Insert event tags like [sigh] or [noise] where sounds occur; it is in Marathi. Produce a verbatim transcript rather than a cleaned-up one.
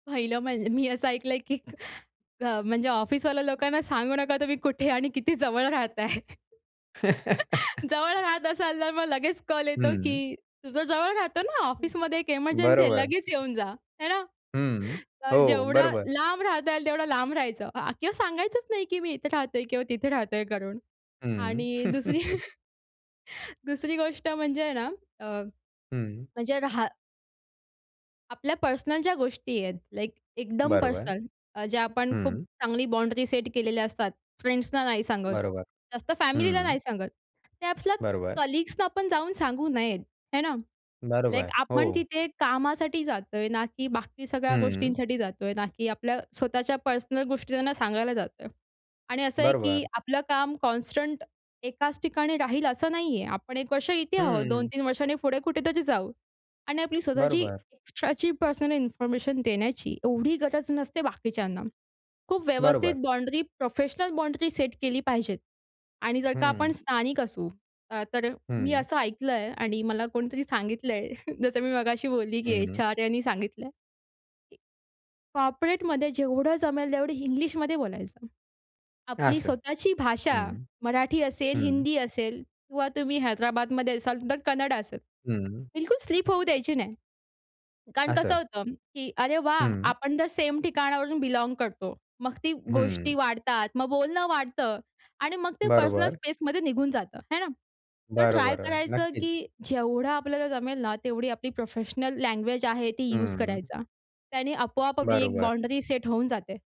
पहिलं म्हणजे मी असं ऐकलंय, की अ, म्हणजे ऑफिसवाल्या लोकांना सांगू नका तुम्ही कुठे आणि किती जवळ राहताय. [giggles] [laughs] जवळ राहत असाल तर मग लगेच कॉल येतो, हं. की तुझं जवळ राहतो ना ऑफिसमध्ये एक एमर्जन्सी आहे. बरोबर. लगेच येऊन जा. है ना. हं, अ, हो, जेवढं बरोबर. लांब राहता येईल तेवढं लांब राहायचं अ, किंवा सांगायचंच नाही, की मी इथे राहतोय किंवा तिथे राहतोय करून. हं. आणि दुसरी [giggles] [chuckles] दुसरी गोष्ट म्हणजे आहे ना अ, हं. म्हणजे रहा आपल्या पर्सनल ज्या गोष्टी आहेत, लाइक एकदम बरोबर, पर्सनल अ, ज्या आपण खूप हं. चांगली बाँडनी सेट केलेल्या असतात फ्रेंड्सना नाही सांगत बरोबर, जास्त, फॅमिलीला हं. नाही सांगत. त्या आपल्या बरोबर. कलीग्स ना आपण जाऊन सांगू नयेत, है ना. लाइक बरोबर, आपण हो. तिथे कामासाठी जातोय ना की बाकी सगळ्या हं. गोष्टींसाठी जातोय, ना की आपल्या स्वतःच्या पर्सनल गोष्टींना सांगायला जातोय आणि असं आहे की बरोबर. आपलं काम कॉन्स्टंट एकाच ठिकाणी राहील असं नाहीये. आपण एक वर्ष इथे आहोत हं. दोन-तीन वर्षांनी पुढे कुठेतरी जाऊ. आणि आपली स्वतःची बरोबर. एक्स्ट्राची पर्सनल इन्फॉर्मेशन देण्याची एवढी गरज नसते बाकीच्यांना. खूप व्यवस्थित बरोबर. बाउंड्री प्रोफेशनल बाउंड्री सेट केली पाहिजे आणि जर का आपण हं. स्थानिक असू अ, तर मी हं. असं ऐकलं आहे आणि मला कोणीतरी सांगितलंय, [chuckles] जसं मी मगाशी बोलली, की हं. एच.आर यांनी सांगितलंय, की कॉर्पोरेटमध्ये जेवढं जमेल तेवढं हिंग्लिशमध्ये बोलायचं. आपली असं. स्वतःची भाषा हं, मराठी असेल, हं. हिंदी असेल किंवा तुम्ही हैदराबादमध्ये असाल तर कन्नड असेल. हं. बिलकुल स्लिप होऊ द्यायची नाही कारण कसं असं. होतं, की अरे वाह! हं. आपण तर सेम ठिकाणावरून बिलॉंग करतो. मग ती गोष्टी हं. वाढतात, मग बोलणं वाढतं आणि मग ते पर्सनल बरोबर. स्पेसमध्ये निघून जातं. है ना. तर ट्राय बरोबर आहे, करायचं की नक्कीच. जेवढं आपल्याला जमेल ना तेवढी आपली प्रोफेशनल लैंग्वेज आहे ती यूज हं. करायचा. त्याने आपोआप आपली एक बरोबर. बाउंड्री सेट होऊन जाते.